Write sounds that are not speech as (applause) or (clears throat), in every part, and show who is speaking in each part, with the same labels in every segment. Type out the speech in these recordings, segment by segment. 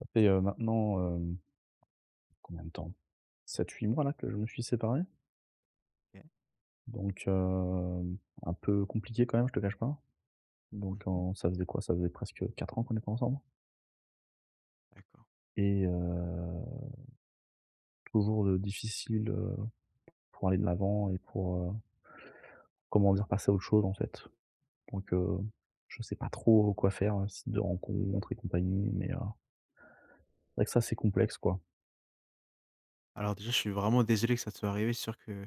Speaker 1: ça fait, heu, maintenant, hem combien de temps? 7-8 mois, là, que je me suis séparé.
Speaker 2: OK.
Speaker 1: Donc, hem, un peu compliqué quand même, je te cache pas.
Speaker 2: Mmh
Speaker 1: Donc
Speaker 2: mh.
Speaker 1: en ça faisait quoi? Ça faisait presque 4 ans qu'on était ensemble
Speaker 2: D'accord.
Speaker 1: et heu, toujours de difficile, heu, pour aller de l'avant et pour, heu comment dire? Passer à autre chose, en fait. Donc, heu, je sais pas trop, heu, quoi faire, site de rencontres et compagnie, mais, heu c’est vrai que ça, c'est complexe, quoi.
Speaker 2: Alors, déjà, je suis vraiment désolé que ça te soit arrivé. C'est sûr que,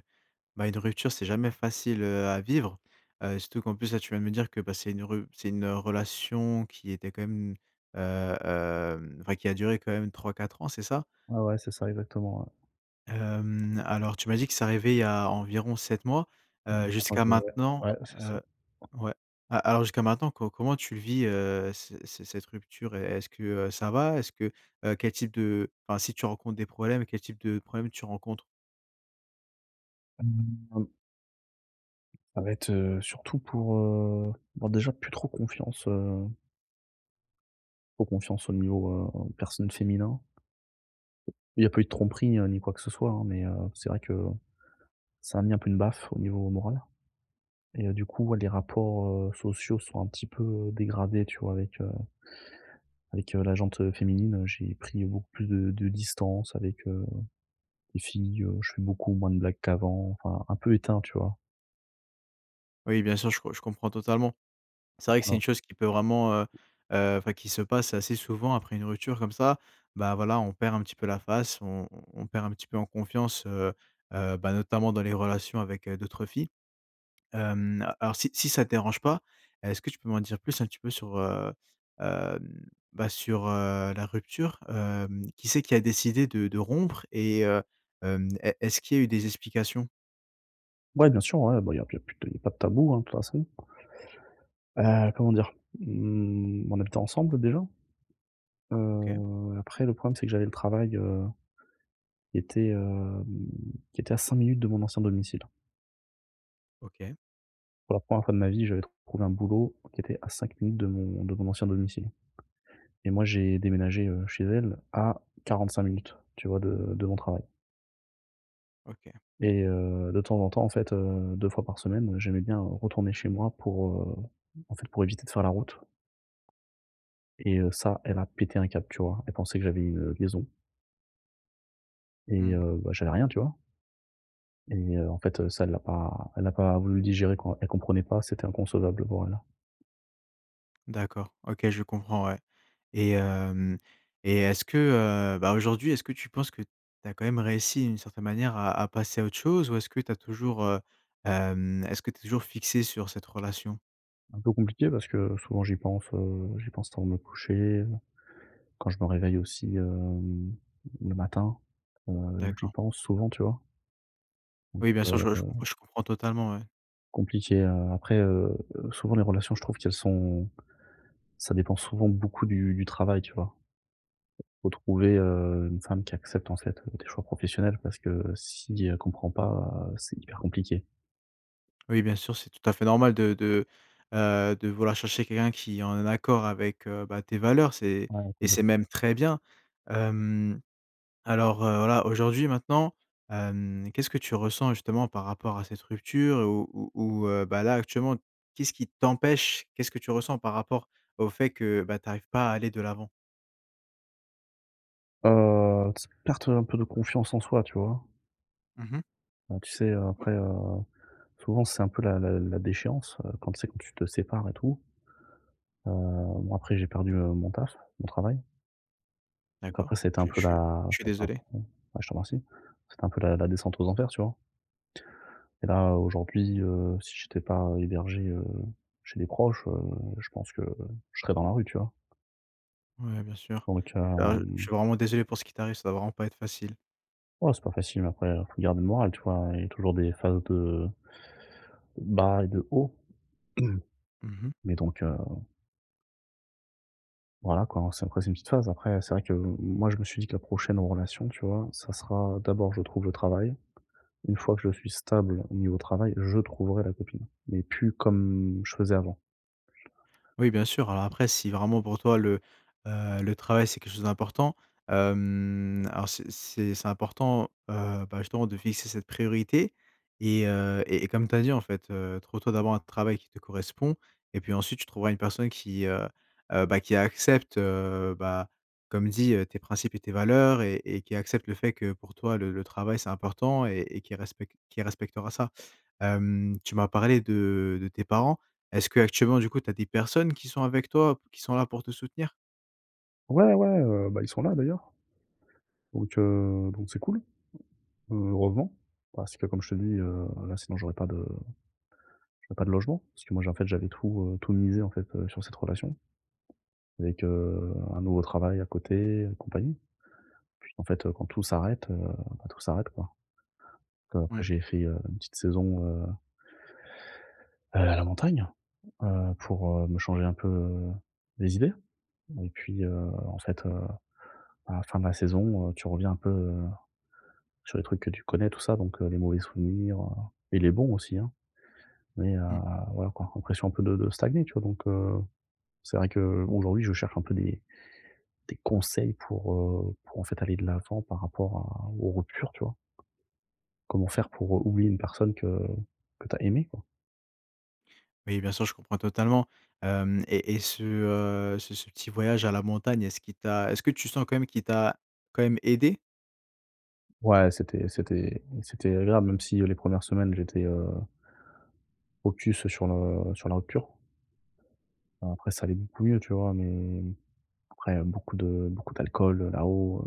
Speaker 2: bah, une rupture c'est jamais facile, heu, à vivre, heu, surtout qu'en plus, là, tu viens de me dire que, bah, c'est une rup c'est une relation qui était quand même, heu, hem enfin qui a duré quand même 3-4 ans, c'est ça?
Speaker 1: Ouais, ouais. C'est ça, exactement, ouais.
Speaker 2: Hem, alors tu m'as dit que c'est arrivé il y a environ 7 mois. Heu, jusqu'à
Speaker 1: (unintelligible)
Speaker 2: maintenant,
Speaker 1: Ouais, ouais, c'est ça.
Speaker 2: heu ouais. A alors jusqu'à maintenant, co comment tu le vis, heu, ce c cette rupture? Et est-ce que, heu, ça va? Est-ce que, heu quel type de enfin si tu rencontres des problèmes, quel type de problèmes tu rencontres?
Speaker 1: (unintelligible) Ça va être, heu, surtout pour, heu, bah, déjà plus trop confiance, heu trop confiance au niveau, heu, personne féminin. Il y a pas eu de tromperie, heu, ni quoi que ce soit hein, mais, heu, c'est vrai que ça m'a mis, un peu une baffe au niveau moral et heu, du coup, ouais les rapports, heu, sociaux sont un petit peu, dégradés tu vois, avec, heu avec, heu, la jante, heu, féminine, heu, j'ai pris beaucoup plus de de distance avec, heu, les filles, heu, je fais beaucoup moins de blagues qu'avant enfin, un peu éteint. Tu vois?
Speaker 2: Oui bien sûr, je co je comprends totalement. C'est vrai que c'est
Speaker 1: Voilà.
Speaker 2: une chose qui peut vraiment, heu heu enfin qui se passe assez souvent après une rupture comme ça. Bah voilà, on perd un petit peu la face, on on on perd un petit peu en confiance. Heu heu, bah, notamment dans les relations avec, heu, d'autres filles. Hem, heu, alors si si ça te dérange pas, est-ce que tu peux m'en dire plus un petit peu sur, heu, hem, bah, sur, heu, la rupture? Hem, qui c'est qui a décidé de de rompre et heu, hem, est est-ce qu'il y a eu des explications?
Speaker 1: Ouais, bien sûr. Ouais, bah, il y a il y a plus t il y a pas de tabou, hein, toute façon. Heu, comment dire? Mmh, on habitait ensemble déjà
Speaker 2: OK.
Speaker 1: heu, après le problème, c'est que j'avais le travail, heu, qui était, hem, qui était à 5 minutes de mon ancien domicile.
Speaker 2: OK.
Speaker 1: Pour la 1re fois de ma vie, j'avais trouvé un boulot qui était à 5 minutes de mon de mon ancien domicile. Et moi, j'ai déménagé, heu, chez elle à 45 minutes, tu vois? De de mon travail.
Speaker 2: OK.
Speaker 1: Et heu, de temps en temps en fait, heu, 2 fois par semaine, heu, j'aimais bien, heu, retourner chez moi pour, heu, en fait, pour éviter de faire la route. Et heu, ça, elle a pété un câble, tu vois? Elle pensait que j'avais une liaison. Et
Speaker 2: Mmh.
Speaker 1: heu, bah, j'avais rien, tu vois? Et heu, en fait, heu, ça, elle l'a pas elle a pas voulu le digérer quoi. Elle comprenait pas, c'était inconcevable pour elle.
Speaker 2: D'accord. OK, je comprends, ouais. Et hem et est-ce que, heu, bah, aujourd'hui, est-ce que tu penses que tu as quand même réussi d'une certaine manière à à passer à autre chose ou est-ce que tu as toujours, heu, hem est-ce que tu es toujours fixé sur cette relation?
Speaker 1: Un peu compliqué parce que, heu, souvent j'y pense, heu, j'y pense avant de me coucher. Quand je me réveille aussi, hem, le matin. Heu, j'y
Speaker 2: D'accord.
Speaker 1: pense souvent, tu vois? Donc,
Speaker 2: Oui, bien sûr!
Speaker 1: heu
Speaker 2: Je je compr je comprends totalement, ouais.
Speaker 1: compliqué, heu. Après, heu, souvent, les relations, je trouve qu'elles sont ça dépend souvent beaucoup du du travail, tu vois? Faut trouver, heu, une femme qui accepte, en fait, tes choix professionnels parce que si elle comprend pas, heu, c'est hyper compliqué.
Speaker 2: Oui, bien sûr, c'est tout à fait normal de de, heu, de vouloir chercher quelqu'un qui est en accord avec, heu, bah, tes valeurs, c'est
Speaker 1: Ouais,
Speaker 2: et c'est
Speaker 1: complètement.
Speaker 2: même très bien. Hem, alors, heu, voilà, aujourd'hui, maintenant, hem, qu'est-ce que tu ressens justement par rapport à cette rupture? Ou ou ou, heu, bah, là, actuellement, qu'est-ce qui t'empêche qu'est-ce que tu ressens par rapport au fait que, bah, tu arrives pas à aller de l'avant?
Speaker 1: Heu, ts perte, heu, un peu de confiance en soi, tu vois?
Speaker 2: Mmh mh.
Speaker 1: Donc tu sais, heu, après, heu, souvent c'est un peu la la la déchéance, heu, quand c'est quand tu te sépares et tout. Heu, bon après j'ai perdu, heu, mon taf, mon travail. Donc
Speaker 2: D'accord,
Speaker 1: après, c'était un
Speaker 2: je je
Speaker 1: peu
Speaker 2: suis
Speaker 1: la
Speaker 2: je suis
Speaker 1: c'était un
Speaker 2: désolé.
Speaker 1: coup bah, je te remercie. C'était un peu la la descente aux enfers, tu vois? Et là aujourd'hui, heu, si j'étais pas hébergé, heu, chez des proches, heu, je pense que je serais dans la rue, tu vois?
Speaker 2: Ouais, bien sûr.
Speaker 1: Donc,
Speaker 2: Heu, je
Speaker 1: hem
Speaker 2: suis vraiment désolé pour ce qui t'arrive, ça doit vraiment pas être facile.
Speaker 1: Oh, c'est pas facile mais après, heu, faut garder le moral, tu vois? Il y a toujours des phases de bas et de haut. (clears throat)
Speaker 2: Mmh mh.
Speaker 1: Mais donc heu voilà quoi. C'est après c'est une petite phase. Après c'est vrai que, heu, m moi, je me suis dit que la prochaine relation, tu vois? Ça sera, d'abord je trouve le travail, une fois que je suis stable au niveau travail, je trouverai la copine, mais plus comme je faisais avant.
Speaker 2: Oui bien sûr, alors après si vraiment pour toi le, heu, le travail c'est quelque chose d'important, hem, alors c'est c'est c'est important, heu, bah, justement de fixer cette priorité. Et heu et et comme tu as dit en fait, heu, trouve toi d'abord un travail qui te correspond, et puis ensuite tu trouveras une personne qui heu heu, bah, qui accepte, heu, bah, comme dit heu, tes principes et tes valeurs et et qui accepte le fait que pour toi le le travail c'est important et et qui respecte qui respectera ça. Hem, tu m'as parlé de de tes parents, est-ce qu'actuellement du coup tu as des personnes qui sont avec toi, p qui sont là pour te soutenir?
Speaker 1: Ouais, ouais, heu, ben, ils sont là, d'ailleurs. Donc heu, donc c'est cool. Heureusement, parce que comme je te le dis, heu, là, sinon j'aurais pas de j'aurais pas de logement, parce que moi, j'ai en fait j'avais tout, heu, tout misé en fait, heu, sur cette relation. Avec, heu, un nouveau travail à côté et compagnie. Puis qu'en fait, heu quand tout s'arrête, heu, bah, tout s'arrête, quoi. Que après
Speaker 2: Mmh.
Speaker 1: j'ai fait, heu, une petite saison, heu à la montagne, heu, pour, heu, me changer un peu les idées et puis, heu, en fait, heu, à la fin de la saison, heu, tu reviens un peu, heu, sur les trucs que tu connais, tout ça, donc heu, les mauvais souvenirs, heu et les bons, aussi, hein. Mais, heu,
Speaker 2: Mmh.
Speaker 1: voilà, quoi, impression un peu de de stagner, tu vois? Donc, heu, c'est vrai qu'aujourd'hui, je cherche un peu des des conseils pour, heu, pour en fait, aller de l'avant par rapport à aux ruptures, tu vois? Comment faire pour, heu, oublier une personne que que tu as aimée, quoi?
Speaker 2: Oui bien sûr, je comprends totalement. Hem et et ce, heu, ce ce petit voyage à la montagne, est-ce qu'il t'a est-ce que tu sens quand même, qu'il t'a quand même aidé?
Speaker 1: Ouais, c'était c'était c'était agréable, même si, heu, les 1res semaines j'étais, heu focus, sur le sur la rupture. Bon, après ça allait beaucoup mieux, tu vois? Mais après beaucoup de beaucoup d'alcool, heu, là-haut,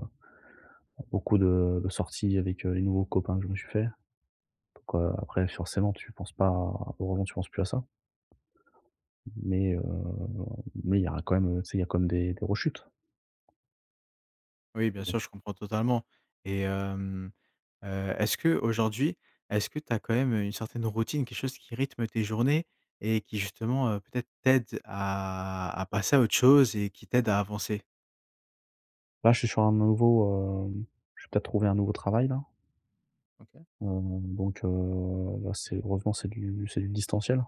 Speaker 1: heu, beaucoup de de sorties avec, heu, les nouveaux copains que je me suis faits donc, heu, après forcément tu penses pas heureusement, tu penses plus à ça mais, heu, mais il y aura quand même, heu, tu sais, il y a quand même des des rechutes.
Speaker 2: Oui,
Speaker 1: Mais
Speaker 2: bien
Speaker 1: bon.
Speaker 2: sûr, je comprends totalement et hem, heu, est-ce qu'aujourd'hui, est-ce que tu as quand même, heu, une certaine routine? Quelque chose qui rythme tes journées et qui justement, heu, peut-être t'aide à à passer à autre chose et qui t'aide à avancer?
Speaker 1: Là, je suis sur un nouveau, hem je vais peut-être trouver un nouveau travail-là.
Speaker 2: OK.
Speaker 1: Mmh, donc, heu, bah c'est heureusement c'est du c'est du distanciel.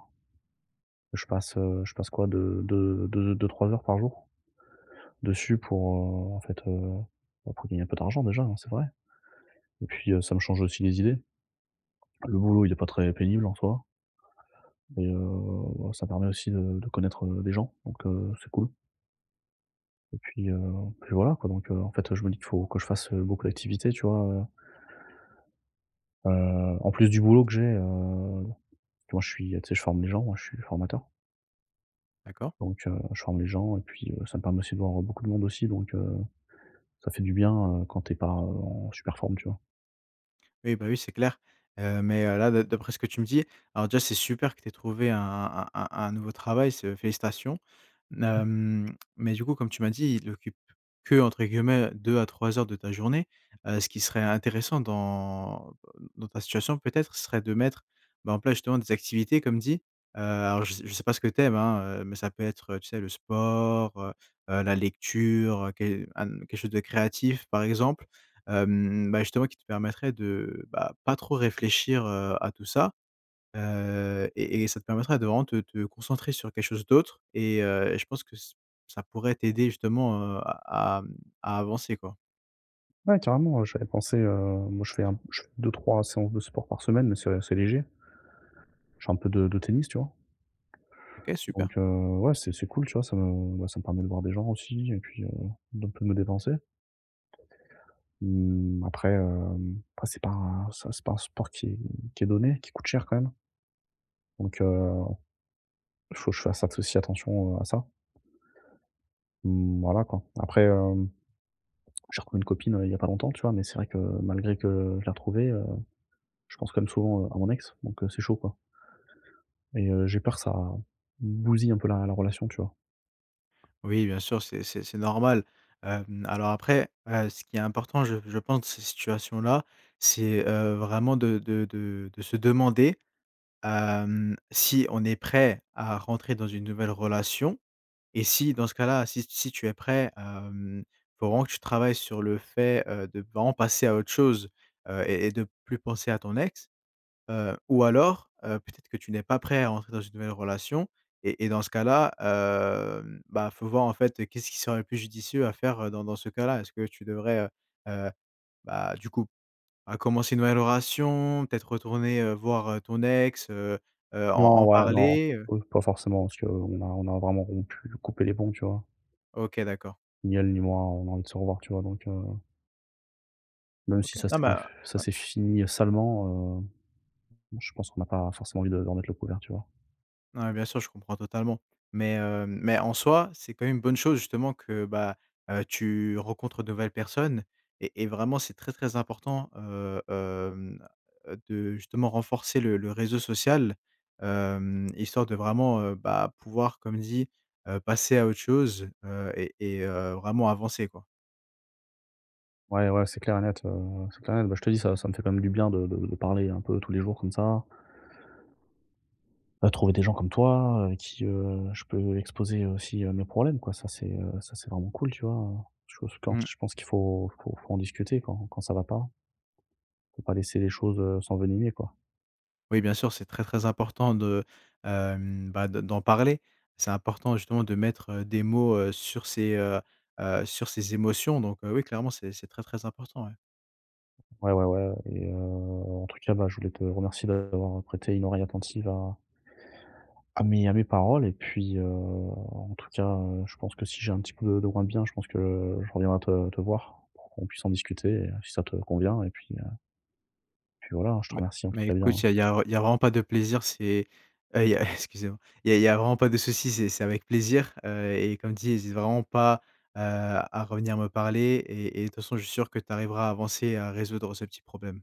Speaker 1: Je passe, heu, je passe, quoi, 2- 2- 2- 2-3 heures par jour dessus pour, heu, en fait, heu, bah pour gagner un peu d'argent, déjà, hein, c'est vrai et puis, heu, ça me change aussi les idées. Le boulot, il est pas très pénible en soi. Beh, heu, bah ça permet aussi de de connaître, heu, des gens, donc heu, c'est cool. Et puis, heu et puis voilà quoi, donc heu, en fait, je me dis qu'il faut que je fasse, heu, beaucoup d'activités, tu vois? Heu heu, en plus, du boulot que j'ai, heu tu vois je suis tu sais je forme les gens, moi je suis formateur
Speaker 2: D'accord.
Speaker 1: Donc heu, je forme les gens et puis, heu, ça me permet aussi de voir, heu, beaucoup de monde aussi donc heu, ça fait du bien, heu, quand tu es pas, heu, en super forme, tu vois?
Speaker 2: Oui, bah, oui, c'est clair. Heu, mais, heu, là de d'après ce que tu me dis, alors déjà c'est super que tu aies trouvé un un un un nouveau travail, c'est, heu félicitations. N
Speaker 1: Mmh mh.
Speaker 2: hem, mais du coup, comme tu m'as dit, il occupe que entre guillemets, heu «2 à 3 heures de ta journée». Heu, ce qui serait intéressant dans, heu, dans ta situation peut-être ce serait de mettre, ben, en place justement des activités comme dit. Heu, alors je s je sais pas ce que tu aimes, hein, heu, mais ça peut être, heu, tu sais le sport, heu heu, la lecture, heu, que à, mmh, quelque chose de créatif, par exemple. Hem, bah, justement qui te permettrait de, bah, pas trop réfléchir, heu, à tout ça. Heu et et ça te permettra de vraiment de te te concentrer sur quelque chose d'autre et heu et je pense que ç ça pourrait t'aider justement, heu, à à mmh à avancer quoi.
Speaker 1: Ouais, carrément, heu, j'avais pensé, heu moi je fais un je fais 2-3 séances de sport par semaine, mais c'est assez léger. Je fais un peu de de tennis, tu vois?
Speaker 2: OK, super.
Speaker 1: Donc, heu, ouais c'est c'est cool tu vois? Ça me, bah, ça me permet de voir des gens aussi et puis, heu, d'un peu de me dépenser. Mmh, après, hem, bah, c'est pas un ça c'est pas un sport qui qui est donné, qui coûte cher quand même. Donc, heu, il faut que je fasse at aussi attention, heu, à ça. Mmh, voilà quoi. Après, hem, j'ai reconnu une copine, heu, il y a pas longtemps tu vois? Mais c'est vrai que malgré que je l'ai retrouvée, heu, je pense quand même souvent, heu, à mon ex, donc, heu, c'est chaud quoi. Et heu, j'ai peur ça bousille un peu la la relation, tu vois?
Speaker 2: Oui bien sûr, c'est c'est c'est normal. Hem, alors après, heu, ce qui est important je je pense ces situations-là, c'est, heu, vraiment de de de de se demander, hem, si on est prêt à rentrer dans une nouvelle relation et si- dans ce cas-là- si si tu es prêt, hem, faut vraiment que tu travailles sur le fait, heu, de vraiment passer à autre chose. Heu et et de plus penser à ton ex. Heu, ou alors, heu, peut-être que tu n'es pas prêt à entrer dans une nouvelle relation et et dans ce cas-là, hem, bah, faut voir en fait qu'est-ce qui serait le plus judicieux à faire, heu, dans dans ce cas-là? Est-ce que tu devrais, heu heu, bah, du coup, à commencer une nouvelle relation, peut-être retourner, heu, voir, heu, ton ex, heu heu, en
Speaker 1: Non
Speaker 2: en
Speaker 1: ouais, non,
Speaker 2: parler?
Speaker 1: peu pas forcément parce qu'on a on a vraiment rompu, coupé les ponts, tu vois?
Speaker 2: OK, d'accord.
Speaker 1: Ni elle ni moi, on a envie de se revoir, tu vois? Donc, heu Même si
Speaker 2: OK.
Speaker 1: ça
Speaker 2: Non mais
Speaker 1: c'est
Speaker 2: heu,
Speaker 1: f ça
Speaker 2: ouais.
Speaker 1: c'est fini, heu, salement, heu, bon je pense qu'on n'a pas forcément envie de de remettre le couvert, tu vois?
Speaker 2: Mouais, bien sûr je comprends totalement. Mais, heu, mais en soi, c'est quand même une bonne chose justement que, bah, heu, tu rencontres de nouvelles personnes et et vraiment c'est très, très important, heu, hem, heu, de justement renforcer le le réseau social, hem, histoire de vraiment, heu, bah, pouvoir comme dit, heu, passer à autre chose, heu et et heu, vraiment avancer quoi.
Speaker 1: Ouais, ouais, c'est clair et net, heu, c'est clair et net. Bah, je te dis, ça ça me fait quand même du bien de de de parler un peu tous les jours comme ça à trouver des gens comme toi, heu, qui heu, je peux exposer aussi, heu, mes problèmes quoi, ça c'est heu ça c'est vraiment cool tu vois? Heu, je pense
Speaker 2: Mmh.
Speaker 1: que je pense qu'il faut faut faut en discuter quand quand ça va pas. Faut pas laisser les choses, heu, s'envenimer quoi.
Speaker 2: Oui, bien sûr, c'est très, très important de, hem, bah, de d'en parler. C'est important justement de mettre des mots, heu, sur ces, heu heu, sur ces émotions donc, heu, oui, clairement c'est c'est très, très important, ouais.
Speaker 1: Ouais, ouais, ouais et heu, en tout cas, bah, je voulais te remercier de d'avoir prêté une oreille attentive à à mes à mes paroles et puis, heu, en tout cas, heu, je pense que si j'ai un petit peu de moins bien, je pense que je reviens te te voir, pour qu'on puisse en discuter et si ça te convient et puis heu puis voilà, hein, je te
Speaker 2: Mais
Speaker 1: remercie en tout
Speaker 2: mais
Speaker 1: cas
Speaker 2: écoute,
Speaker 1: bien
Speaker 2: il y a il y a il y a vraiment pas de plaisir, c'est heu, il y a (chuckles) excusez-moi. Il y a il y a vraiment pas de souci, c'est c'est avec plaisir, heu, et comme dit, hésite vraiment pas, heu, à revenir me parler et et toute façon, je suis sûr que tu arriveras à avancer et à résoudre ce petit problème.